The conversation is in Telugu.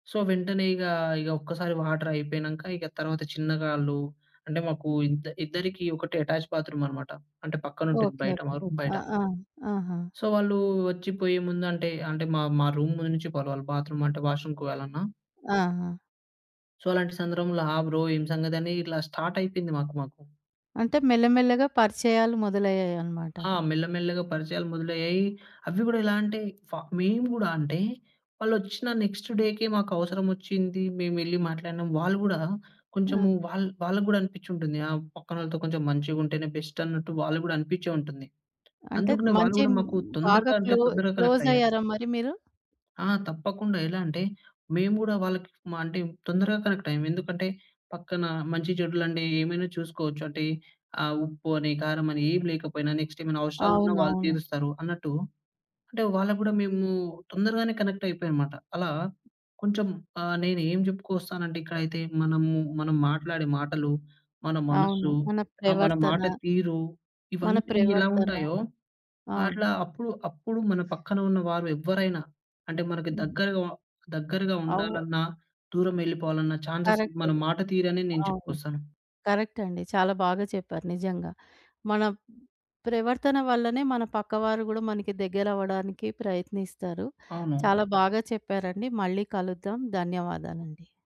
సో, వెంటనే ఇగా, ఇగ ఒక్కసారి వాటరయిపోయినంక, ఇక తర్వాత చిన్నగా ఆళ్ళు అంటే, ఓకే. మాకూ ఇద్ద ఇద్దరికి ఒకటే ఎటాచ్ బాత్రూమనమాట. అంటే, పక్కనుంటుంది ఓకే. బయట, ఓకే. మా రూమ్ బయట. ఆ! ఆ! ఆహా! సో, వాళ్ళూ ఒచ్చి పోయే ముందంటే అంటే, మా మా రూమ్‌లో నుంచి పోవాలి వాళ్ళు బాత్రూమంటే, వాష్‌రూమ్‌కి పోవాలన్నా. ఆహా! సో, అలాంటి సందర్భంలో, ఆ! బ్రో ఏం సంగతనీ, ఇట్లా స్టార్టయిపోయింది మాకు, మాకు. అంటే, మెల్లమెల్లగా పరిచయాలు మొదలయ్యాయనమాట. ఆ! మెల్ల, మెల్లగా పరిచయాలు మొదలయ్యాయి. అవ్వి గూడా ఎలా అంటే, ఫ మేము గూడా అంటే, వాళ్ళొచ్చిన నెక్స్ట్ డేకే డేకే మాకవసరమొచ్చింది, మేమెళ్ళి మాట్లాడినం. వాళ్ళు గూడా కొంచెము ఆ! వాళ్ వాళ్ళకు గూడా అనిపిచ్చుంటుంది, ఆ! పక్కనోళ్ళతో కొంచెం మంచిగుంటేనే బెస్టన్నట్టు, వాళ్ళుకు గూడా అనిపిచ్చే ఉంటుంది. అంటే, అందుకనే వాళ్ళు మంచి గూడా, మ్ మాకు బాగా తొందరగా అంటే క్లో తొందరగ కనెక్టయ్యారు. క్లోజయ్యారా మరి మీరు? ఆ! తప్పకుండా. ఎలా అంటే, మేము గూడా వాళ్ళకి మా అంటే, తొందరగా కనెక్టయ్యాం. ఎందుకంటే, పక్కనా మంచి, చెడులండే ఏమైనా చూసుకోవచ్చు. అంటే, ఆ ఉప్పు అని, కారమని, ఏం లేకపోయినా, నెక్స్ట్ ఏమైనవసరాలున్నా వాళ్ళు అవునవును. తీరుస్తారు అన్నట్టు. అంటే, వాళ్ళకు గూడా మేమూ తొందరగానే కనెక్టయిపోయానమాట. అలా కొంచెం ఆహ్, నేనేం జెప్పుకొస్తానంటే ఇక్కడైతే మనము, మనం మాట్లాడే మాటలు, మన అవును. మనసు, మన ఆహ్, మన మాట ప్రవర్తన... తీరు, మన ఇవన్నీ ఎలా ప్రవర్తన. ఉంటాయో, అవును. అట్లా అప్పుడు, అప్పుడు మన పక్కన ఉన్న వారు ఎవ్వరైనా అంటే, మనకి హుహు. దగ్గరగా దగ్గరగా అవ్వ ఉండాలన్నా, దూరమెళ్ళిపోవాలన్నా ఛాన్సెస్, మన కరక్టిది. మాట తీరనే నేను అవును. చెప్పుకొస్తాను. కరక్టండి. చాలా బాగా చెప్పారు. నిజంగా. మన ప్రవర్తన వల్లనే, మన పక్కవారు గూడా మనకి దగ్గరవ్వడానికి ప్రయత్నిస్తారు. అవును. చాలా బాగా చెప్పారండి. మళ్ళీ కలుద్దాం. ధన్యవాదాలండి.